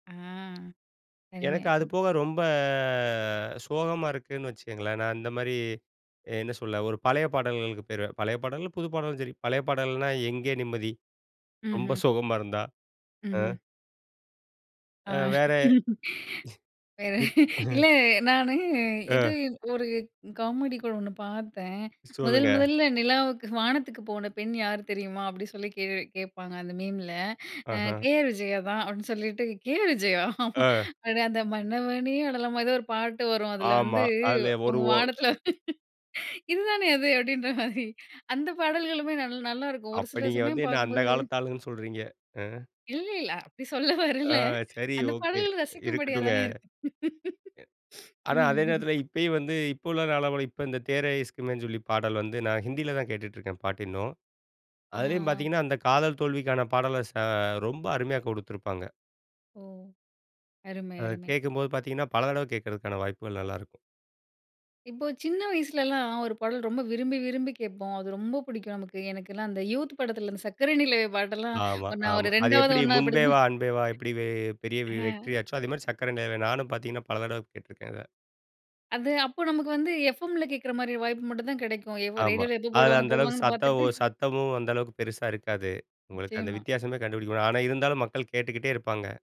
ஆ எனக்கு அது [unintelligible] போக ரொம்ப சோகமா இருக்குன்னு வச்சுக்கோங்களேன். நான் இந்த மாரி என்ன சொல்ல ஒரு பழைய பாடல்களுக்கு போயிருவேன். பழைய பாடல், புது பாடலும் சரி பழைய பாடல்னா "எங்கே நிம்மதி" ரொம்ப ம்ஹ்ம். சோகமா இருந்தா ம்ஹ்ம். அ. அ வேற இப் இல்ல, நானு இது அ. ஒரு காமெடி கூட ஒண்ணு பார்த்தேன். "முதல் சொல்லுங்க. முதல்ல நிலாவுக்கு வானத்துக்கு போன பெண் யார் தெரியுமா?" அப்டின்னு சொல்லி [unintelligible] கேட்பாங்க அந்த மீம்ல அ ஆஹ. "கேஆர் விஜயா" தான் அப்டின்னு சொல்லிட்டு கேஆர் விஜயா ஆ. உடனே, "அந்த மன்னவனே அழலாமா" ஏதோ ஒரு பாட்டு வரும் அதில ஆமா, வந்து அதுல ஒரு உங்க ஓ வானத்தில இதுதானே அது அப்டின்ற மாரி அந்த பாடல்களுமே நல் நல்லாயிருக்கும் ஒரு அப்ப சில நீங்க வந்து சமயம் என்ன அந்த பார்க்கும்போது காலத்து ஆளுன்னு சொல்றீங்க. அ. இல்ல இல்ல. அப்டி சொல்ல வரல ஆ சரி, அந்த ஓகே பாடல் ரசிக்கும் படியா இருக்கட்டுங்க. தானே இருக்கு. ஆனா, ம், அதே ம். நேரத்தில இப்பயும் வந்து இப்போ உள்ள அளவுல இப்ப இந்த "தேரைஸ்க்குன்னு" சொல்லி பாடல் வந்து நான் ஹிந்தியில தான் கேட்டுட்டு இருக்கேன். பாட்டு இன்னும் ஆ அதிலேயும் அ. பார்த்தீங்கன்னா, அந்த காதல் தோல்விக்கான பாடல ச ரொம்ப அருமையா கொடுத்துருப்பாங்க. ஓ! அருமை, அத அருமை. கேட்கும்போது பார்த்தீங்கன்னா, பல தடவ கேட்கறக்கான வாய்ப்புகள் நல்லாருக்கும். இப்போ சின்ன வயசுலலாம் ஒரு பாடல் ரொம்ப விரும்பி விரும்பி கேட்போம். அது ரொம்ப புடிக்கும் நமக்கு எனக்கெல்லாம் அந்த யூத் படத்துல அந்த சக்கர நிலவே பாட்டெல்லாம் ஆமா, நான் ஒரு ஆமா. அது ரெண்டாவது, எப்டி ஒண்ணாவது "முன்பே படிக்கும் வா போது அன்பேவா" எப்டி பெ பெரிய ஹ்ம். வெற்றி ஆச்சோ! அதே மாரி "சர்க்கரை நிலவே" நானும் பார்த்தீங்கன்னா பல தடவ கேட்டிருக்கேன் அத. அது அப்போ நமக்கு வந்து எஃப்எம்ல கேட்குற மாரி வாய்ப்பு மட்டும் தான் கிடைக்கும். எவோ ஆமா, ரேடியோல எப்போ அதில போடுவாங்க அந்த அளவுக்கு போடுவாங்கன்னு சத்தம் பார்த்துட்டு சத்தமும் அந்த அளவுக்கு பெருசா இருக்காது. உங்களுக்கு அந்த நிச்சியமா. வித்தியாசமே கண்டுபிடிக்க முடியாது ஆனா இருந்தாலும் மக்கள் கேட்டுக்கிட்டே இருப்பாங்க.